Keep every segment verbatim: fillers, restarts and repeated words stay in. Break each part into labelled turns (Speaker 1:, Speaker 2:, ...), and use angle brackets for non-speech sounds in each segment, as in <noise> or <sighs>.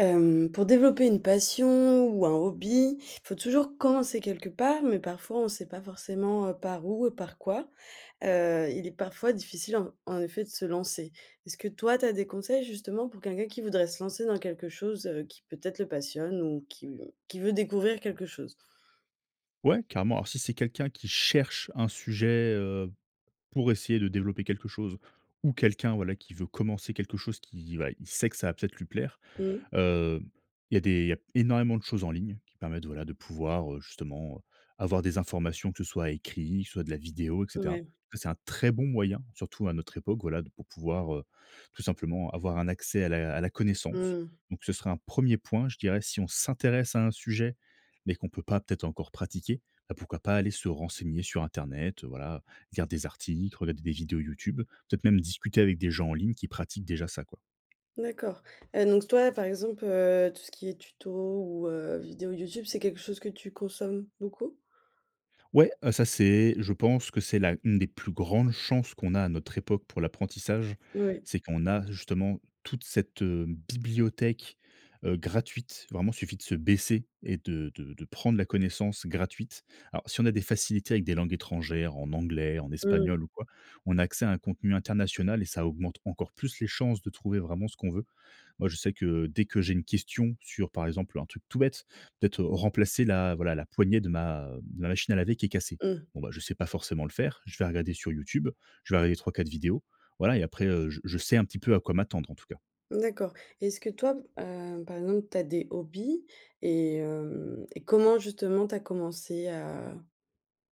Speaker 1: Hem, pour développer une passion ou un hobby, faut toujours commencer quelque part, mais parfois on sait pas forcément, heu, par où et par quoi. Heu, il est parfois difficile en en effet de se lancer. Est-ce que toi, tu as des conseils, justement, pour quelqu'un qui voudrait se lancer dans quelque chose, heu, qui peut-être le passionne ou qui qui veut découvrir quelque chose?
Speaker 2: Ouais, carrément. Alors si c'est quelqu'un qui cherche un sujet, heu, pour essayer de développer quelque chose ou quelqu'un, voilà, qui veut commencer quelque chose qui, bah, il sait que ça va peut-être lui plaire,
Speaker 1: Mmh.
Speaker 2: heu, il y a des il y a énormément de choses en ligne, qui permettent, voilà, de pouvoir, heu, justement, heu, avoir des informations que ce soit écrit, que ce soit de la vidéo, et cetera.
Speaker 1: Mouais.
Speaker 2: Ça c'est un très bon moyen, surtout à notre époque, voilà, d pour pouvoir, heu, tout simplement avoir un accès à la à la connaissance.
Speaker 1: Mmh.
Speaker 2: Donc, ce serait un premier point, je dirais, si on s'intéresse à un sujet, mais qu'on peut pas peut-être encore pratiquer, bah, pourquoi pas aller se renseigner sur internet, heu, voilà, heu, lire des articles, regarder des vidéos YouTube, peut-être même discuter avec des gens en ligne qui pratiquent déjà ça, quoi.
Speaker 1: D'accord, heu, donc, toi, par exemple, heu, tout ce qui est tuto ou, heu, vidéo YouTube, c'est quelque chose que tu consommes beaucoup?
Speaker 2: Ouais, heu, ça c'est je pense que c'est la une des plus grandes chances qu'on a à notre époque pour l'apprentissage,
Speaker 1: N ouais.
Speaker 2: c'est qu'on a, justement, toute cette, heu, bibliothèque, heu, gratuite, vraiment, suffit de se baisser et de de de prendre la connaissance gratuite. Alors, si on a des facilités avec des langues étrangères en anglais, en
Speaker 1: Mmh.
Speaker 2: espagnol ou quoi, on a accès à un contenu international et ça augmente encore plus les chances de trouver vraiment ce qu'on veut. Moi je sais que dès que j'ai une question sur, par exemple, un truc tout bête, peut-être remplacer la, voilà, la poignée de ma ma machine à laver qui est cassée,
Speaker 1: Mmh.
Speaker 2: bon bah, je sais pas forcément le faire, je vais regarder sur YouTube. Je vais regarder trois-quatre vidéos. Voilà et après, heu, je je sais un petit peu à quoi m'attendre, en tout cas.
Speaker 1: D'accord, et est-ce que toi, heu, par exemple, tu as des hobbies et hem et comment, justement, tu as commencé à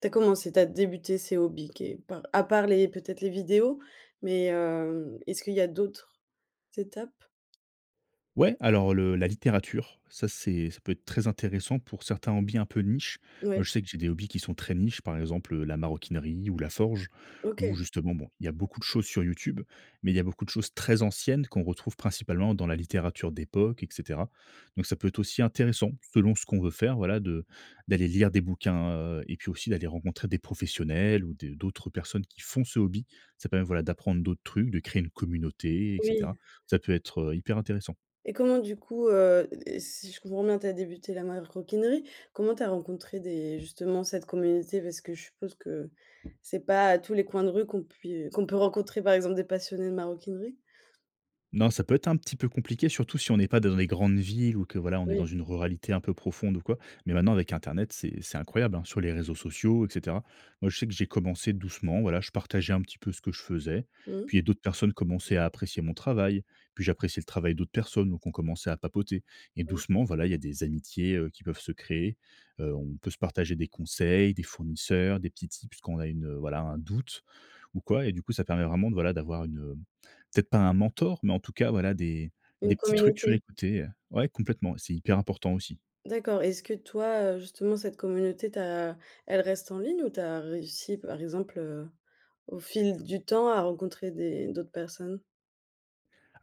Speaker 1: tu as commencé tu as débuté ces hobbies, que par à part les peut-être, les vidéos? Mais hem, est-ce qu'il y a d'autres étapes?
Speaker 2: Ouais, alors le la littérature, ça c'est ça peut être très intéressant pour certains hobbies un peu niche. Moi
Speaker 1: Ouais.
Speaker 2: je sais que j'ai des hobbies qui sont très niches, par exemple, heu, la maroquinerie ou la forge ou
Speaker 1: OK.
Speaker 2: justement, bon, il y a beaucoup de choses sur Youtube. Mais il y a beaucoup de choses très anciennes qu'on retrouve principalement dans la littérature d'époque et cetera. Donc ça peut être aussi intéressant, selon ce qu'on veut faire, voilà, de d'aller lire des bouquins, heu, et puis aussi d'aller rencontrer des professionnels ou des d'autres personnes qui font ce hobby. Ça permet, voilà, d'apprendre d'autres trucs, de créer une communauté, et
Speaker 1: Oui.
Speaker 2: cetera. Ça peut être, heu, hyper intéressant.
Speaker 1: Et comment, du coup, heu et et si je comprends bien tu as débuté la maroquinerie, comment tu as rencontré des justement cette communauté? Parce que je suppose que c'est pas à tous les coins de rue qu'on pui qu'on peut rencontrer, par exemple, des passionnés de maroquinerie?
Speaker 2: Non, ça peut être un petit peu compliqué, surtout si on est pas dans les grandes villes ou que voilà, on est dans
Speaker 1: Oui.
Speaker 2: une ruralité un peu profonde ou quoi, mais maintenant, avec Internet, c'est c'est incroyable hein sur les réseaux sociaux, et cetera. Moi, je sais que j'ai commencé doucement. Voilà, je partageais un petit peu ce que je faisais.
Speaker 1: Mmh.
Speaker 2: Puis, il y a d'autres personnes commençaient à apprécier mon travail. Puis, j'appréciais le travail d'autres personnes, donc on commençait à papoter et
Speaker 1: Mmh.
Speaker 2: doucement, voilà, il y a des amitiés, heu, qui peuvent se créer. Heu, on peut se partager des conseils, des fournisseurs, des petits tips quand on a une, heu, voilà, un doute ou quoi, et du coup, ça permet vraiment de voilà, d'avoir une, hem, peut-être pas un mentor, mais en tout cas, voilà, des
Speaker 1: Une
Speaker 2: des petits trucs sur le
Speaker 1: communauté.
Speaker 2: coté, heu ouais complètement, c'est hyper important aussi.
Speaker 1: D'accord, est-ce que toi, heu, justement cette communauté, tu as elle reste en ligne ou tu as réussi par exemple, heu, au fil du temps à rencontrer des d'autres personnes?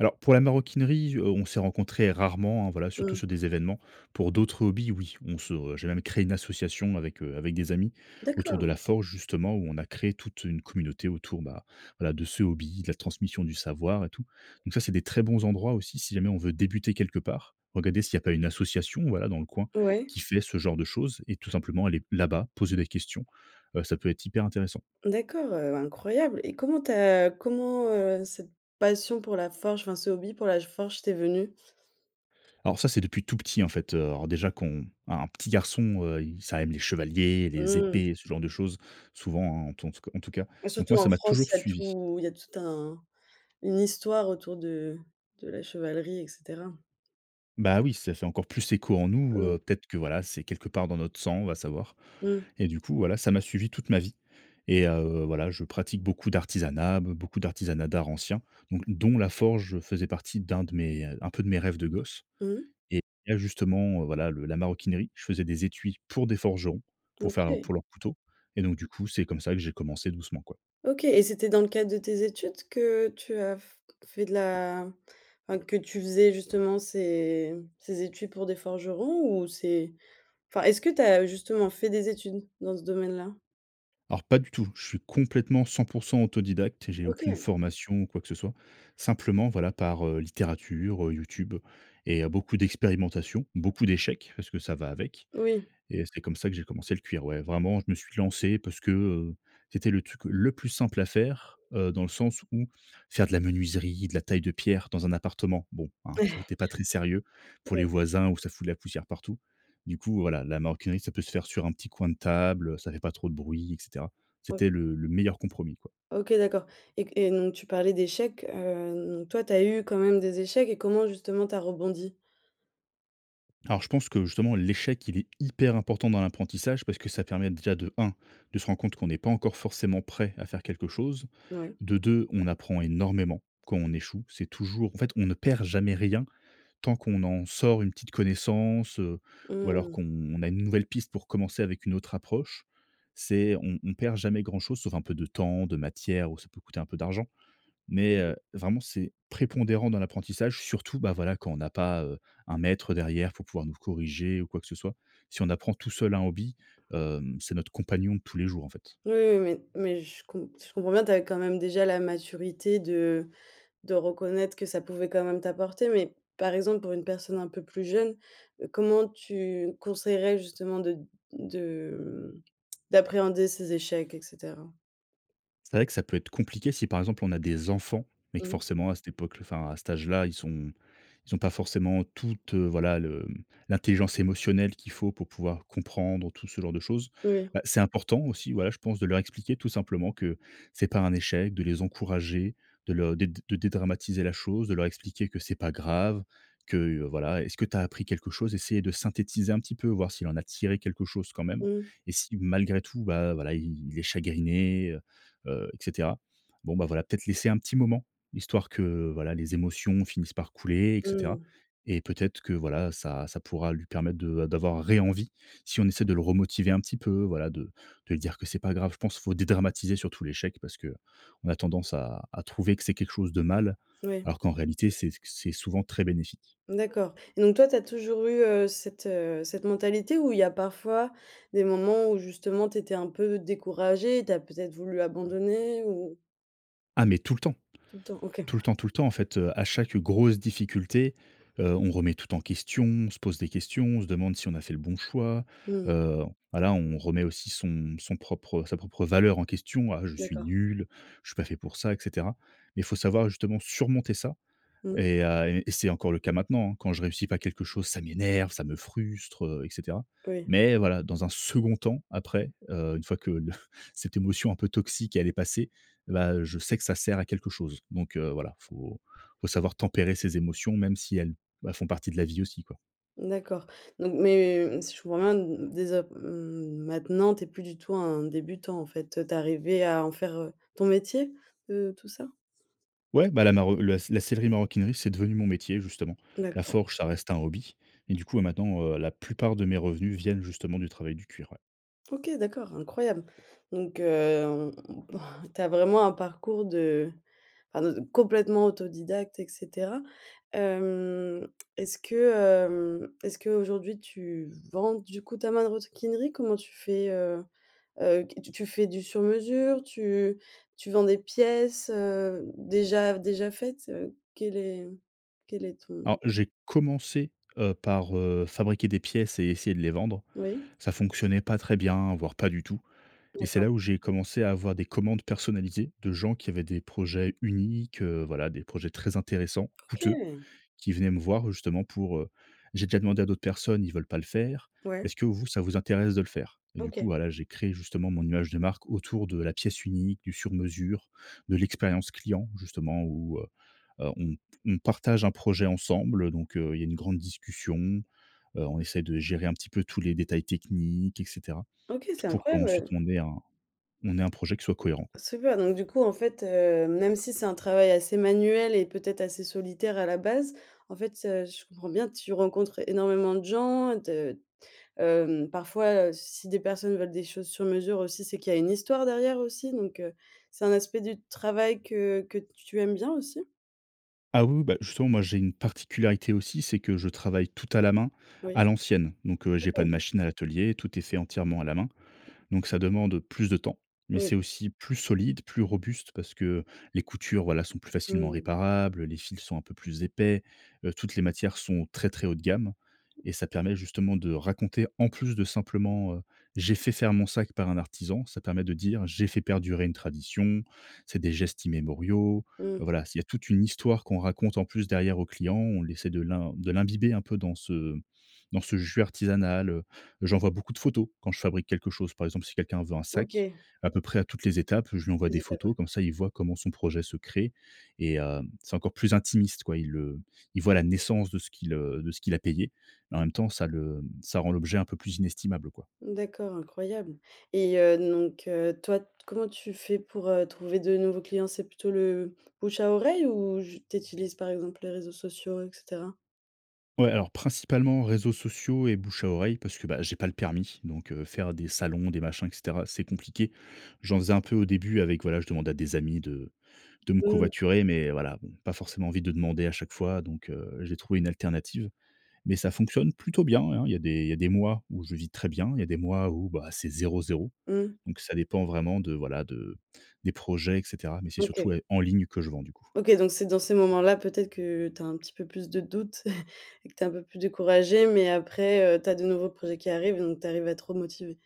Speaker 2: Alors pour la maroquinerie, heu, on s'est rencontré rarement hein voilà surtout
Speaker 1: Mmh.
Speaker 2: sur des événements pour d'autres hobbies oui on se j'ai même créé une association avec, heu, avec des amis autour de
Speaker 1: D'accord!
Speaker 2: la forge justement où on a créé toute une communauté autour bah voila de ce hobby, de la transmission du savoir et tout, donc ça, c'est des très bons endroits aussi si jamais on veut débuter quelque part. Regarder s'il y a pas une association, voilà, dans le coin
Speaker 1: Ouais.
Speaker 2: qui fait ce genre de choses et tout simplement aller là-bas poser des questions. Heu, ça peut être hyper intéressant.
Speaker 1: D'accord, heu, incroyable, et comment tu as comment, heu, cette passion pour la forge, enfin ce hobby pour la g forge, t'est venu?
Speaker 2: Alors ça c'est depuis tout petit en fait, heu, alors déjà qu'on un un petit garçon, heu, il ça aime les chevaliers les
Speaker 1: Mmh.
Speaker 2: épées ce genre de choses souvent hein en tout en tout c en tout cas
Speaker 1: Et
Speaker 2: donc
Speaker 1: surtout
Speaker 2: moi
Speaker 1: en
Speaker 2: ça m'a
Speaker 1: France,
Speaker 2: toujours
Speaker 1: il y a
Speaker 2: suivi.
Speaker 1: tout il y a tout un une histoire autour de de la chevalerie, et cetera.
Speaker 2: Bah oui ça fait encore plus écho en nous,
Speaker 1: Mmh.
Speaker 2: heu, peut-être que voilà c'est quelque part dans notre sang va savoir
Speaker 1: Mmh.
Speaker 2: et du coup voilà ça m'a suivi toute ma vie, et heu, voilà, je pratique beaucoup d'artisanat, be beaucoup d'artisanat d'art ancien, don dont la forge faisait partie un de mes, heu, un peu de mes rêves de gosse,
Speaker 1: Mmh.
Speaker 2: et la justement, heu, voilà, le la maroquinerie, je faisais des étuis pour des forgerons,
Speaker 1: Mmh
Speaker 2: pour faire
Speaker 1: OK.
Speaker 2: pour leur couteau et donc du coup c'est comme ça que j'ai commencé doucement quoi.
Speaker 1: OK! Et c'était dans le cadre de tes études que tu as f fait de la enfin que tu faisais justement ces ces études pour des forgerons ou c'est? Enfin est-ce que tu as justement fait des études dans ce domaine-là?
Speaker 2: Alors pas du tout. Je suis complètement cent pour cent autodidacte et j'ai aucune
Speaker 1: OK!
Speaker 2: formation ou quoi que ce soit simplement voilà par, heu, littérature, heu, YouTube et heu, beaucoup d'expérimentations, beaucoup d'échecs parce que ça va avec
Speaker 1: Oui.
Speaker 2: et c'est comme ça que j'ai commencé le cuir. Ouais vraiment, je me suis lancé parce que, heu, c'était le truc le plus simple à faire, heu, dans le sens où faire de la menuiserie, de la taille de pierre dans un appartement. Bon hein, c c'était
Speaker 1: <chuckles>
Speaker 2: pas très sérieux pour les
Speaker 1: Ouais.
Speaker 2: voisins où ça fout de la poussière partout. Du coup, voilà, la maroquinerie, ça peut se faire sur un petit coin de table, heu, ça fait pas trop de bruit, et cetera.
Speaker 1: Ouais.
Speaker 2: C'était le le meilleur compromis, quoi.
Speaker 1: OK d'accord, et qu et donc tu parlais d'échecs, hem, toi tu as eu quand même des échecs et comment justement tu as rebondi?
Speaker 2: Alors je pense que justement l'échec il est hyper important dans l'apprentissage parce que ça permet déjà de un, de se rendre compte qu'on est pas encore forcément prêt à faire quelque chose.
Speaker 1: Ouais.
Speaker 2: De deux on apprend énormément quand on échoue. C'est toujours en fait, on ne perd jamais rien tant qu'on en sort une petite connaissance, heu, ou alors
Speaker 1: Mmh.
Speaker 2: qu'on on a une nouvelle piste pour commencer avec une autre approche. C'est on on perd jamais grand chose sauf un peu de temps, de matière ou ça peut coûter un peu d'argent, mais
Speaker 1: Mmh mh.
Speaker 2: heu, vraiment, c'est prépondérant dans l'apprentissage, surtout bah voila quand on n'a pas, heu, un maître derrière pour pouvoir nous corriger ou quoi que ce soit. Si on apprend tout seul un hobby, hem, c'est notre compagnon de tous les jours en fait.
Speaker 1: Oui, oui, oui, mais je com je comprends bien, tu as quand même déjà la maturité de de reconnaître que ça pouvait quand même t'apporter, mais par exemple pour une personne un peu plus jeune, heu, comment tu conseillerais justement de de mmh <tsk> d'appréhender ces échecs, et cetera?
Speaker 2: C'est vrai que ça peut être compliqué si par exemple on a des enfants mais que
Speaker 1: Mmh.
Speaker 2: forcément à cette époque l enfin à cet âge-là ils sont ils ont pas forcément toutes, voilà le, mmh l'intelligence émotionnelle qu'il faut pour pouvoir comprendre tout ce genre de choses.
Speaker 1: Oui, oui.
Speaker 2: Heu, c'est important aussi voilà je pense de leur expliquer tout simplement que c'est pas un échec de les encourager de le dé de dédramatiser la chose de leur expliquer que c'est pas grave. Que voilà est-ce que tu as appris quelque chose essayer de synthétiser un petit peu voir s'il en a tiré quelque chose quand même
Speaker 1: Mmh.
Speaker 2: et si malgré tout bah voilà i i il est chagriné, heu heu, et cetera bon bah voilà peut-être laisser un petit moment histoire que voilà les émotions finissent par couler et cetera,
Speaker 1: Mmh.
Speaker 2: et peut-être que voilà ça ça pourra lui permettre de a d'avoir ré-envie si on essaie de le remotiver un petit peu voilà de de dire que c'est pas grave. Je pense il faut dédramatiser surtout l'échec parce que on a tendance à à trouver que c'est quelque chose de mal
Speaker 1: Oui.
Speaker 2: alors qu'en réalité c'est qu c'est souvent très bénéfique.
Speaker 1: D'accord, et donc toi tu as toujours eu, heu, cette, heu, cette mentalité où il y a parfois des moments où justement tu étais un peu découragé, tu as peut-être voulu abandonner ou?
Speaker 2: Ah, mais tout le temps,
Speaker 1: Tout le temps OK.
Speaker 2: tout le temps, tout le temps en fait, heu, à chaque grosse difficulté, heu, on remet tout en question, on se pose des questions, on se demande si on a fait le bon choix.
Speaker 1: Mmh.
Speaker 2: Heu, voilà, on remet aussi son son propre, heu, sa propre valeur en question. «Ah je suis
Speaker 1: D'accord.
Speaker 2: nul, je suis pas fait pour ça», et cetera, mais faut savoir justement surmonter ça
Speaker 1: Mmh.
Speaker 2: et heu, et c'est encore le cas maintenant hein. Quand je réussis pas quelque chose, ça m'énerve, ça me frustre, heu, et cetera,
Speaker 1: Oui.
Speaker 2: mais voilà, dans un second temps après, heu, une fois que le <chuckles> cette émotion un peu toxique, elle est passée, bah je sais que ça sert à quelque chose, donc heu, voilà, faut, faut savoir tempérer ses émotions, même si elles bah font partie de la vie aussi quoi.
Speaker 1: D'accord, donc mais hem, si je comprends bien d d des a m maintenant tu es plus du tout un débutant en fait, toi tu es arrivé à en faire ton métier, heu, tout ça?
Speaker 2: Ouais bah la maro le s la sellerie maroquinerie c'est devenu mon métier justement. La
Speaker 1: D'accord.
Speaker 2: forge ça reste un hobby et du coup, bah maintenant, heu, la plupart de mes revenus viennent justement du travail du cuir ouais.
Speaker 1: OK d'accord incroyable! Donc hem, <sighs> tu as vraiment un parcours de enfin, de complètement autodidacte et cetera. Hem, est-ce que hem, est-ce qu'aujourd'hui tu vends du coup ta manrosquinerie? Comment tu fais, heu heu, qu tu fais du sur mesure? Tu tu vends des pièces, heu, déjà déjà faites, heu, quel est quel est ton
Speaker 2: Alors, j'ai commencé, heu, par, heu, fabriquer des pièces et essayer de les vendre.
Speaker 1: Oui.
Speaker 2: Ça fonctionnait pas très bien, voire pas du tout et c'est
Speaker 1: D'accord.
Speaker 2: là où j'ai commencé à avoir des commandes personnalisées de gens qui avaient des projets uniques, heu, voilà, des projets très intéressants, coûteux,
Speaker 1: OK!
Speaker 2: qui venaient me voir justement pour, heu: «J'ai déjà demandé à d'autres personnes, ils veulent pas le faire,
Speaker 1: Ouais.
Speaker 2: est-ce que vous ça vous intéresse de le faire?» et du coup,
Speaker 1: OK.
Speaker 2: voilà, j'ai créé justement mon image de marque autour de la pièce unique, du sur mesure, de l'expérience client, justement où, heu heu, on p on partage un projet ensemble donc heu, il y a une grande discussion, heu, on essaie de gérer un petit peu tous les détails techniques et cetera.
Speaker 1: OK.
Speaker 2: T
Speaker 1: C'est
Speaker 2: pour
Speaker 1: incroyable
Speaker 2: qu'ensuite
Speaker 1: heu
Speaker 2: on ait un on ait un projet qui soit cohérent quoi.
Speaker 1: Super! Donc du coup, en fait, heu, même si c'est un travail assez manuel et peut-être assez solitaire à la base, en fait, heu, si je comprends bien, tu rencontres énormément de gens de hem, parfois, heu, si des personnes veulent des choses sur mesure aussi, c'est qu'il y a une histoire derrière aussi, donc heu, c'est un aspect du travail que que tu aimes bien aussi?
Speaker 2: Ah oui, oui bah justement moi, j'ai une particularité aussi, c'est que je travaille tout à la main,
Speaker 1: Oui,
Speaker 2: à l'ancienne, donc heu, j'ai pas de
Speaker 1: OK.
Speaker 2: machine à l'atelier, tout est fait entièrement à la main, donc ça demande plus de temps, mais c'est
Speaker 1: Oui.
Speaker 2: aussi plus solide, plus robuste parce que les coutures voila sont plus facilement
Speaker 1: Mmh.
Speaker 2: réparables, les fils sont un peu plus épais. Heu, toutes les matières sont très, très haut de gamme et ça permet justement de raconter, en plus de simplement, heu: «J'ai fait faire mon sac par un artisan», ça permet de dire: «J'ai fait perdurer une tradition, c'est des gestes immémoriaux». Heu
Speaker 1: Mmh.
Speaker 2: voilà, c'est il y a toute une histoire qu'on raconte en plus derrière aux clients, on essaie de l'im de l'imbiber un peu dans ce dans ce jus artisanal, heu, j'envoie beaucoup de photos quand je fabrique quelque chose. Par exemple, si quelqu'un veut un sac
Speaker 1: OK.
Speaker 2: à peu près à toutes les étapes, je lui envoie
Speaker 1: Des
Speaker 2: des photos
Speaker 1: éthanols.
Speaker 2: comme ça, il voit comment son projet se crée et heu, c'est encore plus intimiste quoi. Il le il voit la naissance de ce qu'il, heu, de ce qu'il a payé. Et en même temps, ça le mmh, ça rend l'objet un peu plus inestimable quoi.
Speaker 1: D'accord, incroyable et heu, donc heu, toi t comment tu fais pour, heu, trouver de nouveaux clients, c'est plutôt le bouche à oreille ou j tu utilises par exemple les réseaux sociaux et cetera?
Speaker 2: Ouais, alors principalement réseaux sociaux et bouche à oreille parce que bah, j'ai pas le permis, donc heu, faire des salons, des machins et cetera, c'est compliqué. J'en faisais un peu au début avec voilà, je demandais à des amis de de me
Speaker 1: Mmh.
Speaker 2: covoiturer mais voilà, bon pas forcément envie de demander à chaque fois, donc heu, j'ai trouvé une alternative, mais ça fonctionne plutôt bien, hein. Il y a des, il y a des mois où je vis très bien. Il y a des mois où bah, c'est zéro-zéro,
Speaker 1: Mmh.
Speaker 2: donc ça dépend vraiment de voilà de des projets et cetera, mais c'est
Speaker 1: OK.
Speaker 2: surtout ouais en ligne que je vends du coup.
Speaker 1: OK donc c'est dans ces moments-là peut-être que tu as un petit peu plus de doutes <chuckles> et que tu es un peu plus découragée, mais après, heu, tu as de nouveaux projets qui arrivent, donc tu arrives à te remotiver.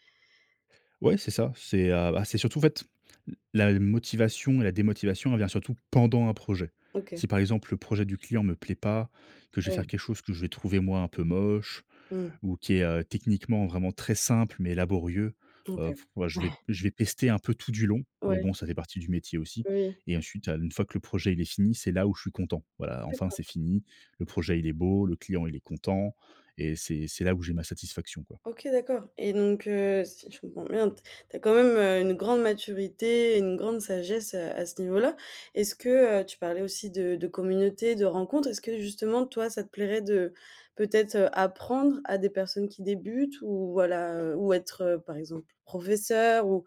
Speaker 2: Ouais, c'est ça, c'est, heu, ah c'est surtout en fait l la motivation et la démotivation elle vient surtout pendant un projet.
Speaker 1: OK.
Speaker 2: Si par exemple le projet du client me plaît pas, que je vais
Speaker 1: Ouais.
Speaker 2: faire quelque chose que je vais trouver moi un peu moche
Speaker 1: Mmh.
Speaker 2: ou qui est, heu, techniquement vraiment très simple mais laborieux,
Speaker 1: OK.
Speaker 2: heu, je vais
Speaker 1: <chuckles>
Speaker 2: je vais pester un peu tout du long mais
Speaker 1: Ouais.
Speaker 2: bon ça fait partie du métier aussi
Speaker 1: Oui.
Speaker 2: et ensuite, heu, une fois que le projet il est fini, c'est là où je suis content. Voilà, enfin,
Speaker 1: D'accord.
Speaker 2: c'est fini. Le projet, il est beau, le client il est content et c'est c'est là où j'ai ma satisfaction quoi.
Speaker 1: OK d'accord et donc heu, si je comprends bien t tu as quand même, heu, une grande maturité, une grande sagesse, heu, à ce niveau-là. Est-ce que tu parlais aussi de de communauté, de rencontres, est-ce que justement toi ça te plairait de peut-être, heu, apprendre à des personnes qui débutent ou voilà, heu, ou être, heu, par exemple professeur, ou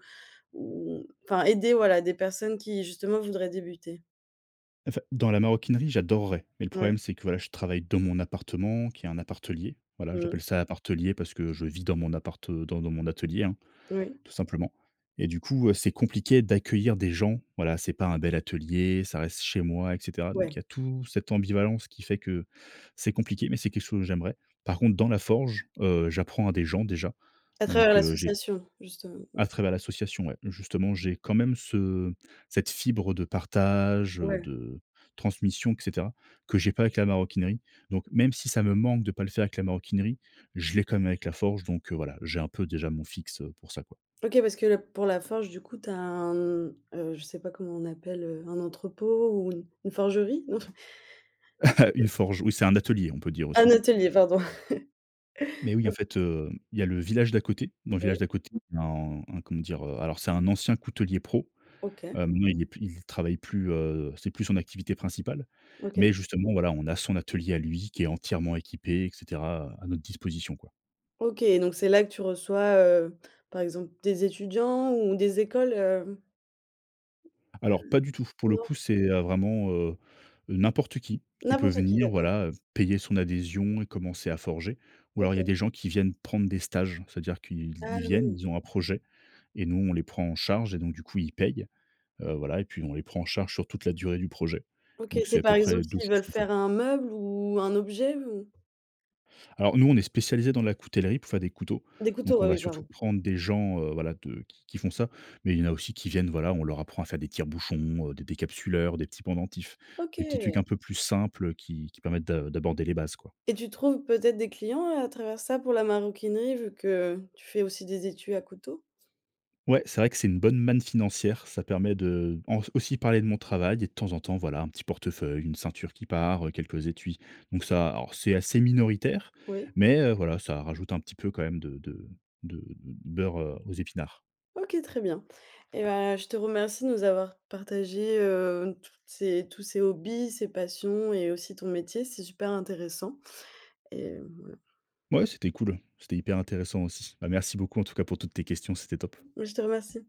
Speaker 1: ou enfin, aider voilà des personnes qui justement voudraient débuter?
Speaker 2: En fait, dans la maroquinerie, j'adorerais, mais le
Speaker 1: Ouais.
Speaker 2: problème, c'est que, voilà, je travaille dans mon appartement qui est un appartelier. Voilà,
Speaker 1: Mmh.
Speaker 2: j'appelle ça l'appartelier parce que je vis dans mon appart, heu, dans dans mon atelier, hein,
Speaker 1: Oui.
Speaker 2: tout simplement. Et du coup, heu, c'est compliqué d'accueillir des gens. Voilà, c'est pas un bel atelier, ça reste chez moi et cetera. Donc,
Speaker 1: Ouais.
Speaker 2: il y a tout cette ambivalence qui fait que c'est compliqué, mais c'est quelque chose que j'aimerais. Par contre, dans la forge, heu, j'apprends à des gens déjà.
Speaker 1: À travers
Speaker 2: Donc, heu, j'ai
Speaker 1: l'association, justement? Mmh.
Speaker 2: À travers l'association, ouais, justement, j'ai quand même ce cette fibre de partage, heu,
Speaker 1: Ouais.
Speaker 2: de transmission et cetera que j'ai pas avec la maroquinerie. Donc, même si ça me manque de pas le faire avec la maroquinerie, je l'ai quand même avec la forge. Donc, heu, voilà, j'ai un peu déjà mon fixe, heu, pour ça, quoi.
Speaker 1: OK, parce que l pour la forge, du coup, tu as un, mmh, heu je sais pas comment on appelle, heu, un entrepôt ou une une forgerie? Non? <chuckles>
Speaker 2: <chuckles>
Speaker 1: He
Speaker 2: Une forge, oui, c'est un atelier, on peut dire
Speaker 1: Un
Speaker 2: aussi.
Speaker 1: atelier, pardon. <chuckles>
Speaker 2: Mais oui,
Speaker 1: O
Speaker 2: en fait, heu, il y a le village d'à côté, dans le village
Speaker 1: Ouais.
Speaker 2: d'à côté, en un comment dire? Heu, alors c'est un ancien coutelier pro,
Speaker 1: OK.
Speaker 2: heu, maintenant, il est plus il travaille plus, heu, c'est plus son activité principale.
Speaker 1: OK.
Speaker 2: Mais justement, voilà, on a son atelier à lui qui est entièrement équipé, et cetera, heu, à notre disposition, quoi.
Speaker 1: OK donc c'est là que tu reçois, heu, par exemple des étudiants ou des écoles, hem? Mmh
Speaker 2: Alors
Speaker 1: mh.
Speaker 2: pas du tout. Pour le
Speaker 1: Non.
Speaker 2: coup, c'est, heu, vraiment, heu, n'importe qui, qui peut
Speaker 1: N'importe qui,
Speaker 2: venir,
Speaker 1: d'accord.
Speaker 2: voilà, payer son adhésion et commencer à forger. Ou alors, il y a
Speaker 1: OK.
Speaker 2: des gens qui viennent prendre des stages, c'est-à-dire qu'ils
Speaker 1: Ah,
Speaker 2: ils viennent,
Speaker 1: oui.
Speaker 2: ils ont un projet et nous, on les prend en charge et donc du coup, ils payent. Heu, voilà et puis, on les prend en charge sur toute la durée du projet.
Speaker 1: OK,
Speaker 2: Donc, c'est
Speaker 1: c'est
Speaker 2: à
Speaker 1: par
Speaker 2: peu
Speaker 1: exemple,
Speaker 2: près deux
Speaker 1: s'ils
Speaker 2: choses
Speaker 1: veulent
Speaker 2: qu'on fait.
Speaker 1: faire un meuble ou un objet ou
Speaker 2: Alors nous on est spécialisés dans la coutellerie, pour faire des couteaux.
Speaker 1: Des couteaux,
Speaker 2: Donc on
Speaker 1: bah,
Speaker 2: va
Speaker 1: oui
Speaker 2: surtout
Speaker 1: pardon.
Speaker 2: prendre des gens, heu, voilà, de qui qui font ça, mais il y en a aussi qui viennent, voilà, on leur apprend à faire des tire-bouchons, des décapsuleurs, des petits pendentifs. Des petits trucs un
Speaker 1: OK.
Speaker 2: peu plus simples, heu, qui qui permettent d'a d'aborder les bases quoi.
Speaker 1: Et tu trouves peut-être des clients à travers ça pour la maroquinerie? Vu que tu fais aussi des étuis à couteaux.
Speaker 2: Ouais c'est vrai que c'est une bonne manne financière, ça permet de en aussi parler de mon travail et de temps en temps, voilà, un petit portefeuille, une ceinture qui part, quelques étuis. Donc ça, alors c'est assez minoritaire
Speaker 1: Oui.
Speaker 2: mais, heu, voilà ça rajoute un petit peu quand même de de de beurre aux épinards.
Speaker 1: OK très bien et ben, je te remercie de nous avoir partagé, heu, toutes ces tous ces hobbies, ces passions et aussi ton métier, c'est super intéressant. Et mmh
Speaker 2: Ouais c'était cool. C'était hyper intéressant aussi. Bah, merci beaucoup en tout cas pour toutes tes questions, c'était top.
Speaker 1: Je te remercie.